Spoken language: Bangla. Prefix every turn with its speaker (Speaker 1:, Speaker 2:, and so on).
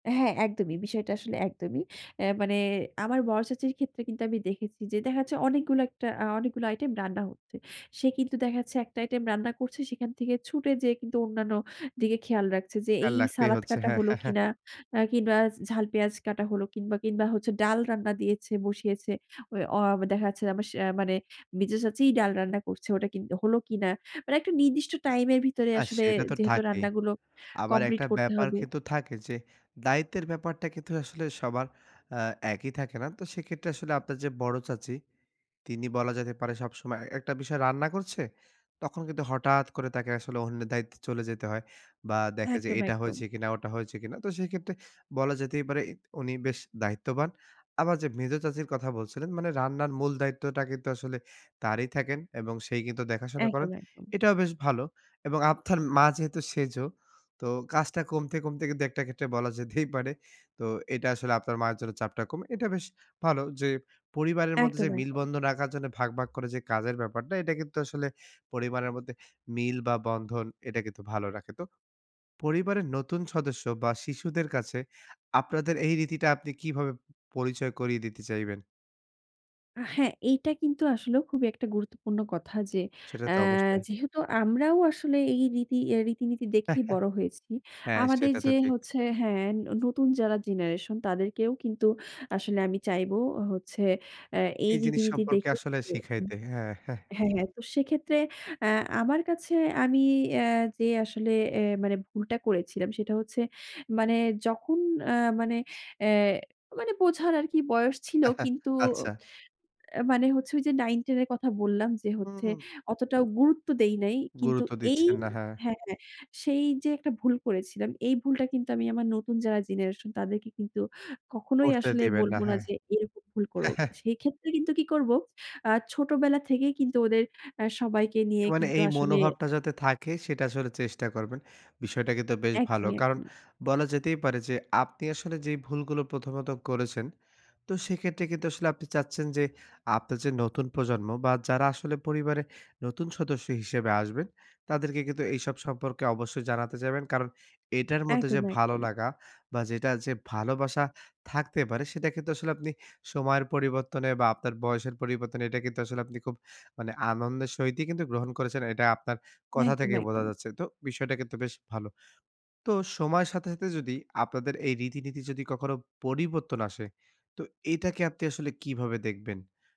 Speaker 1: হ্যাঁ, একদমই। বিষয়টা আসলে একদমই। অ্যা মানে আমার বড় চাচীর ক্ষেত্রে কিন্তু আমি দেখেছি যে দেখা যাচ্ছে অনেকগুলো একটা আ অনেকগুলো আইটেম রান্না হচ্ছে। সে কিন্তু দেখাচ্ছে একটা আইটেম রান্না করছে সেখান থেকে ছুটে গিয়ে কিন্তু অন্যান্য দিকে খেয়াল রাখছে। যে
Speaker 2: হ্যাঁ,
Speaker 1: এই
Speaker 2: লাগতেই
Speaker 1: সালাদ
Speaker 2: হচ্ছে।
Speaker 1: কাটা
Speaker 2: হ্যাঁ,
Speaker 1: হলো
Speaker 2: হ্যাঁ, হ্যাঁ।
Speaker 1: কিনা, কিংবা ঝাল পেঁয়াজ কাটা হলো কিংবা কিংবা হচ্ছে ডাল রান্না দিয়েছে, বসিয়েছে। ঐ অ দেখা যাচ্ছে আমার সে মানে মেঝো চাচীই ডাল রান্না করছে। ওটা কিন্তু হল কিনা? মানে একটা নির্দিষ্ট টাইম এর ভিতরে
Speaker 2: না
Speaker 1: আসলে
Speaker 2: সেটা তো
Speaker 1: যেহেতু
Speaker 2: থাকেই।
Speaker 1: রান্না গুলো
Speaker 2: আবার
Speaker 1: কমপ্লিট
Speaker 2: একটা
Speaker 1: করতে
Speaker 2: ব্যাপার
Speaker 1: হবে।
Speaker 2: কিন্তু থাকে যে, দায়িত্বের ব্যাপারটা কিন্তু আসলে সবার আ একই থাকে না। তো সেক্ষেত্রে আসলে আপনার যে বড় চাচী, তিনি বলা যেতে পারে সবসময় একটা বিষয় রান্না করছে, তখন কিন্তু হঠাৎ করে তাকে আসলে অন্যের দায়িত্বে চলে যেতে হয়। বা দেখে যে
Speaker 1: একদম,
Speaker 2: এটা
Speaker 1: একদম।
Speaker 2: হয়েছে কিনা ওটা হয়েছে কিনা? তো সেই ক্ষেত্রে বলা যেতেই পারে উনি বেশ দায়িত্ববান। আবার যে মেঝো চাচির কথা বলছিলেন মানে রান্নার মূল দায়িত্বটা কিন্তু আসলে তারই থাকেন। এবং সেই কিন্তু দেখাশোনা করেন।
Speaker 1: একদম, একদম।
Speaker 2: এটাও বেশ ভালো। এবং আপনার মা যেহেতু সেজো তো কাজটা কমতে, কমতে, কিন্তু একটা ক্ষেত্রে বলা যেতেই পারে তো এটা আসলে আপনার মায়ের জন্য চাপটা কম। এটা বেশ ভালো যে পরিবারের মধ্যে যে
Speaker 1: একদম,
Speaker 2: মিল
Speaker 1: একদম।
Speaker 2: বন্ধন রাখার জন্য ভাগ, ভাগ, করে যে কাজের ব্যাপারটা। এটা কিন্তু আসলে পরিবারের মধ্যে মিল বা বন্ধন এটা কিন্তু ভালো রাখে। তো। পরিবারের নতুন সদস্য বা শিশুদের কাছে আপনাদের এই রীতিটা আপনি কিভাবে প পরিচয় করিয়ে দিতে চাইবেন?
Speaker 1: হ্যাঁ, এইটা কিন্তু আসলে খুবই একটা গুরুত্বপূর্ণ কথা যে
Speaker 2: সেটা
Speaker 1: অ্যা
Speaker 2: তো অবশ্যই।
Speaker 1: যেহেতু আমরাও আসলে এই রীতি এ্যা রীতিনীতি দেখেই বড় হয়েছি।
Speaker 2: হ্যাঁ,
Speaker 1: আমাদের
Speaker 2: সেটা তো
Speaker 1: যে
Speaker 2: ঠিক।
Speaker 1: হচ্ছে হ্যাঁ নতুন যারা জেনারেশন তাদেরকেও কিন্তু আসলে আমি চাইব হচ্ছে এ্যা এই
Speaker 2: এই জিনিস
Speaker 1: রীতিনীতি
Speaker 2: সম্পর্কে
Speaker 1: দেখে
Speaker 2: আসলে
Speaker 1: [unintelligible]
Speaker 2: শিখাইতে। হ্যাঁ, হ্যাঁ।
Speaker 1: হ্যাঁ, হ্যাঁ। তো সেক্ষেত্রে অ্যা আমার কাছে আমি অ্যা যে আসলে এ মানে ভুলটা করেছিলাম। সেটা হচ্ছে মানে যখন আ মানে, অ্যা মানে বোঝার আর কি বয়স ছিল কিন্তু
Speaker 2: আচ্ছা।
Speaker 1: এ্যা মানে হচ্ছে ওই যে ৯-১০ এর কথা বললাম যে হচ্ছে
Speaker 2: হু।
Speaker 1: অতটাও গুরুত্ব দেই নাই। কিন্তু
Speaker 2: গুরুত্ব
Speaker 1: এই
Speaker 2: দিচ্ছেন না, হ্যাঁ।
Speaker 1: হ্যাঁ, হ্যাঁ, সেই যে একটা ভুল করেছিলাম, এই ভুলটা কিন্তু আমি আমার নতুন যারা জেনারেশন তাদেরকে কিন্তু কখনোই
Speaker 2: করতে
Speaker 1: আসলে
Speaker 2: দেবেন
Speaker 1: বলব
Speaker 2: না,
Speaker 1: না
Speaker 2: হ্যাঁ।
Speaker 1: যে এরকম ভুল করুক। সেক্ষেত্রে কিন্তু কি করবো, আ ছোটবেলা থেকেই কিন্তু ওদের আ সবাইকে
Speaker 2: এ
Speaker 1: নিয়ে
Speaker 2: মানে
Speaker 1: কিন্তু
Speaker 2: এই
Speaker 1: আসলে
Speaker 2: মনোভাবটা যাতে থাকে সেটা আসলে চেষ্টা করবেন। বিষয়টা কিন্তু বেশ ভালো।
Speaker 1: একদমই,
Speaker 2: কারণ
Speaker 1: একদমই।
Speaker 2: বলা যেতেই পারে যে আপনি আসলে যে ভুলগুলো প্রথমত করেছেন। তো সেক্ষেত্রে কিন্তু আসলে আপনি চাচ্ছেন যে আপনার যে নতুন প্রজন্ম বা যারা আসলে পরিবারে নতুন সদস্য হিসেবে আসবেন। তাদেরকে কিন্তু এইসব সম্পর্কে অবশ্যই জানাতে যাবেন কারণ, এটার মধ্যে যে
Speaker 1: একদম,
Speaker 2: ভালো
Speaker 1: একদম।
Speaker 2: লাগা বা যেটা যে ভালোবাসা থাকতে পারে। সেটা কিন্তু আসলে আপনি সময়ের পরিবর্তনে বা আপনার বয়সের পরিবর্তনে এটা কিন্তু আসলে আপনি খুব মানে আনন্দের সহিতই কিন্তু গ্রহণ করেছেন। এটা আপনার কথা
Speaker 1: একদম,
Speaker 2: থেকে বোঝা
Speaker 1: একদম।
Speaker 2: যাচ্ছে। তো বিষয়টা কিন্তু বেশ ভালো। তো, সময়ের সাথে, সাথে, যদি আপনাদের এই রীতি-নীতি যদি কখনো পরিবর্তন আসে তো এটাকে আপনি আসলে কিভাবে দেখবেন?